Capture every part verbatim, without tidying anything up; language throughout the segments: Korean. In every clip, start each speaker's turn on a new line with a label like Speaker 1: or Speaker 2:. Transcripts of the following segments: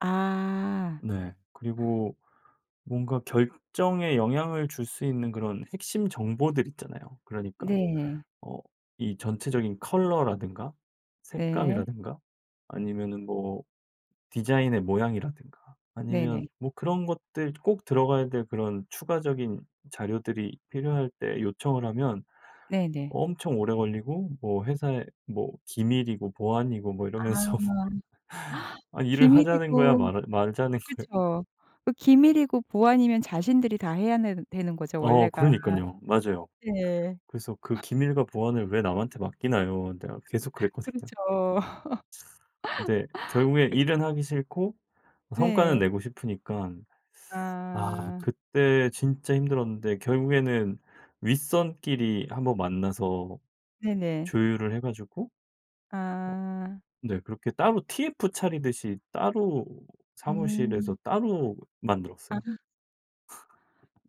Speaker 1: 아.
Speaker 2: 네. 그리고 뭔가 결정에 영향을 줄 수 있는 그런 핵심 정보들 있잖아요. 그러니까
Speaker 1: 네.
Speaker 2: 어 이 전체적인 컬러라든가
Speaker 1: 네.
Speaker 2: 색감이라든가 아니면은 뭐 디자인의 모양이라든가 아니면
Speaker 1: 네네.
Speaker 2: 뭐 그런 것들 꼭 들어가야 될 그런 추가적인 자료들이 필요할 때 요청을 하면
Speaker 1: 네네.
Speaker 2: 엄청 오래 걸리고 뭐 회사의 뭐 기밀이고 보안이고 뭐
Speaker 1: 아.
Speaker 2: 이러면서 아 일을 하자는 거야
Speaker 1: 기밀이고
Speaker 2: 말아 말자는 거야?
Speaker 1: 그쵸. 그 기밀이고 보안이면 자신들이 다 해야 내는 되는 거죠
Speaker 2: 어
Speaker 1: 원래가.
Speaker 2: 그러니깐요. 맞아요.
Speaker 1: 네.
Speaker 2: 그래서 "그 기밀과 보안을 왜 남한테 맡기나요?" 내가 계속 그랬거든요. 참.
Speaker 1: 그렇죠.
Speaker 2: 네. 결국엔
Speaker 1: 그
Speaker 2: 일은 하기 싫고 성과는
Speaker 1: 네.
Speaker 2: 내고 싶으니깐. 아.
Speaker 1: 아.
Speaker 2: 그때 진짜 힘들었는데 결국에는 윗선끼리 한 번 만나서
Speaker 1: 네네.
Speaker 2: 조율을 해 가지고 어
Speaker 1: 아.
Speaker 2: 네 그렇게 따로 TF 차리듯이 따로 사무실에서
Speaker 1: 음.
Speaker 2: 따로
Speaker 1: 아.
Speaker 2: 만들었어요.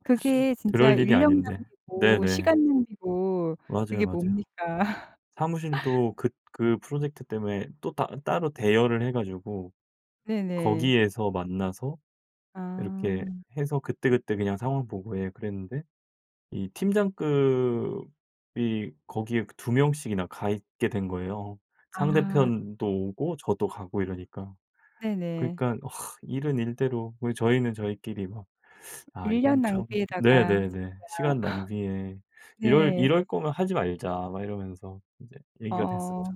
Speaker 1: 그게 진짜
Speaker 2: 그럴 일이
Speaker 1: 인력
Speaker 2: 아닌데.
Speaker 1: 낭비고
Speaker 2: 네네.
Speaker 1: 시간 낭비고
Speaker 2: 맞아요,
Speaker 1: 그게
Speaker 2: 맞아요.
Speaker 1: 뭡니까?
Speaker 2: 사무실도 그 그 프로젝트 때문에 또 따 따로 대여를 해 가지고
Speaker 1: 네네.
Speaker 2: 거기에서 만나서 이렇게
Speaker 1: 아.
Speaker 2: 해서 그때그때 그냥 상황 보고 예 그랬는데 이 팀장급이 거기에 그 두 명씩이나 가 있게 된 거예요
Speaker 1: 아.
Speaker 2: 상대편도 오고 저도 가고 이러니까.
Speaker 1: 네네.
Speaker 2: 그러니까 일은 일대로 우리 저희는 저희끼리 막 "아
Speaker 1: 인력
Speaker 2: 이건 참."
Speaker 1: 낭비에다가
Speaker 2: 네네네. 시간 낭비에
Speaker 1: 진짜
Speaker 2: "이럴
Speaker 1: 네.
Speaker 2: 이럴 거면 하지 말자." 막 이러면서 인제 얘기가 됐었죠.
Speaker 1: 어.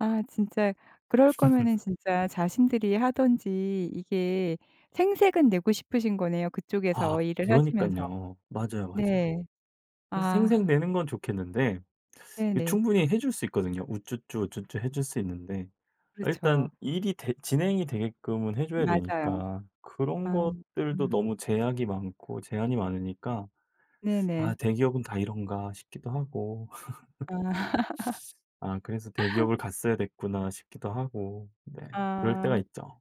Speaker 1: 아. 진짜 그럴 거면은 진짜 자신들이 하든지 이게 생색은 내고 싶으신 거네요
Speaker 2: 아.
Speaker 1: 그쪽에서 일을 하시면서.
Speaker 2: 그러니깐요. 맞아요, 맞아요.
Speaker 1: 네.
Speaker 2: 그래서
Speaker 1: 아.
Speaker 2: 생색내는 건 좋겠는데 이
Speaker 1: 네네.
Speaker 2: 충분히 해 줄 수 있거든요. 우쭈쭈, 우쭈쭈 해 줄 수 있는데 아 일단
Speaker 1: 그렇죠.
Speaker 2: 일이 되 진행이 되게끔은 해 줘야
Speaker 1: 맞아요.
Speaker 2: 되니까
Speaker 1: 아.
Speaker 2: 그런 것들도
Speaker 1: 아.
Speaker 2: 너무 제약이 많고 제한이 많으니까. '아
Speaker 1: 네네.
Speaker 2: 대기업은 다 이런가?' 싶기도 하고.
Speaker 1: 아.
Speaker 2: 아. '그래서 대기업을 갔어야 됐구나.' 싶기도 하고 네. 그럴 때가
Speaker 1: 아.
Speaker 2: 있죠.